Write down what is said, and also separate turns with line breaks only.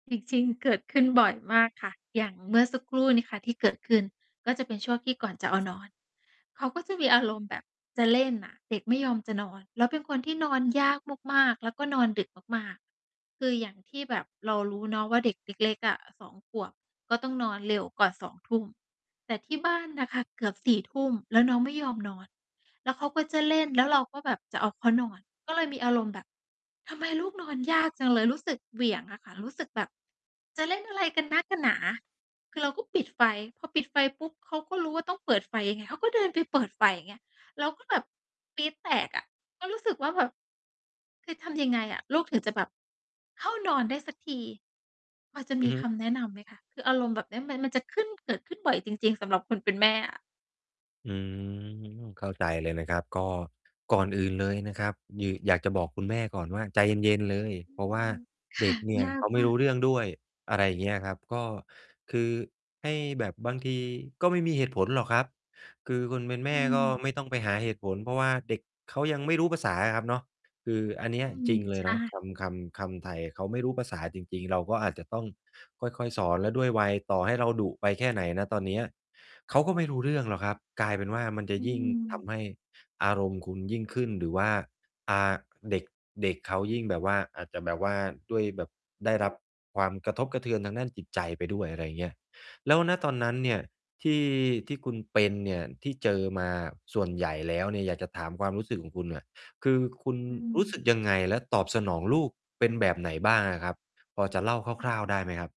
จริง ๆ เกิดขึ้นบ่อยมากค่ะ อย่างเมื่อสักครู่นี้ค่ะที่เกิดขึ้น ก็จะเป็นช่วงที่ก่อนจะเอานอน เขาก็จะมีอารมณ์แบบจะเล่นน่ะ เด็กไม่ยอมจะนอน แล้วเป็นคนที่นอนยากมาก ๆ แล้วก็นอนดึกมาก ๆ คืออย่างที่แบบเรารู้เนาะว่า เด็กเล็ก ๆ อะ 2 ขวบ ก็ต้องนอนเร็วก่อน 20:00 แต่ที่บ้านน่ะค่ะเกือบ 22:00 แล้วน้องไม่ยอมนอน แล้วเขาก็จะเล่น แล้วเราก็แบบจะเอาเขานอน ก็เลยมีอารมณ์แบบ "ทำไมลูกนอนยากจังเลย" รู้สึกเหวี่ยงอะค่ะ รู้สึกแบบ "จะเล่นอะไรกันนักกันหนา" คือเราก็ปิดไฟ พอปิดไฟปุ๊บ เขาก็รู้ว่าต้องเปิดไฟไง เขาก็เดินไปเปิดไฟ อย่างเงี้ย เราก็แบบปรี๊ดแตกอะ ก็รู้สึกว่าแบบ "คือทำยังไงอะ ลูกถึงจะแบบเข้านอนได้สักที?" พอจะ
อ
ม
ื
ี
อฮึ
คำแนะนำไหมคะ คืออารมณ์แบบเนี้ยมัน มันจะขึ้น เกิดขึ้นบ่อยจริง ๆ สำหรับคนเป็นแม่อะ
อือ เข้าใจเลยนะครับ ก็ก่อนอื่นเลยนะครับ คือ อยากจะบอกคุณแม่ก่อนว่า "ใจเย็น ๆ เลย"
อื
เพราะว่า
ม ค
เด
่
็
ะ
กเนี่ย
ยา
เข
ก
าไม
ม
่
า
รู
ก
้เรื่องด้วย อะไรอย่างเงี้ยครับ ก็คือให้ แบบบางทีก็ไม่มีเหตุผลหรอกครับ คือคนเป็นแม
อื
่ก
ม
็ไม่ต้องไปหาเหตุผล เพราะว่าเด็กเขายังไม่รู้ภาษาอะครับเนาะ คืออันเนี้
อ
ย
ื
จ
ม
ริงเล
ใช
ยเนาะ
่
คำ คำ คำไทย "เขาไม่รู้ภาษาจริง ๆ" เราก็อาจจะต้องค่อย ๆ สอน แล้วด้วยวัย ต่อให้เราดุไปแค่ไหน ณ ตอนเนี้ย เขาก็ไม่รู้เรื่องหรอกครับ กลายเป็นว่ามันจ
อ
ะ
ื
ยิ่งท
ม
ำให้อารมณ์คุณยิ่งขึ้น หรือว่า อ่า เด็ก เด็กเขายิ่งแบบว่า อาจจะแบบว่า ด้วยแบบได้รับความกระทบกระเทือนทางด้านจิตใจไปด้วย อะไรอย่างเงี้ย แล้ว ณ ตอนนั้นเนี่ยที่ ที่คุณเป็นเนี่ย ที่เจอมาอะส่วนใหญ่แล้วเนี่ย อยากจะถามความรู้สึกของคุณเนี่ย คือคุณ
อื
ร
ม
ู้สึกยังไงแล้วตอบสนองลูกเป็นแบบไหนบ้างอะครับ พอจะเล่า
อื
ค
อฮ
ร
ึ
่าว ๆ ได้ไหมครับ?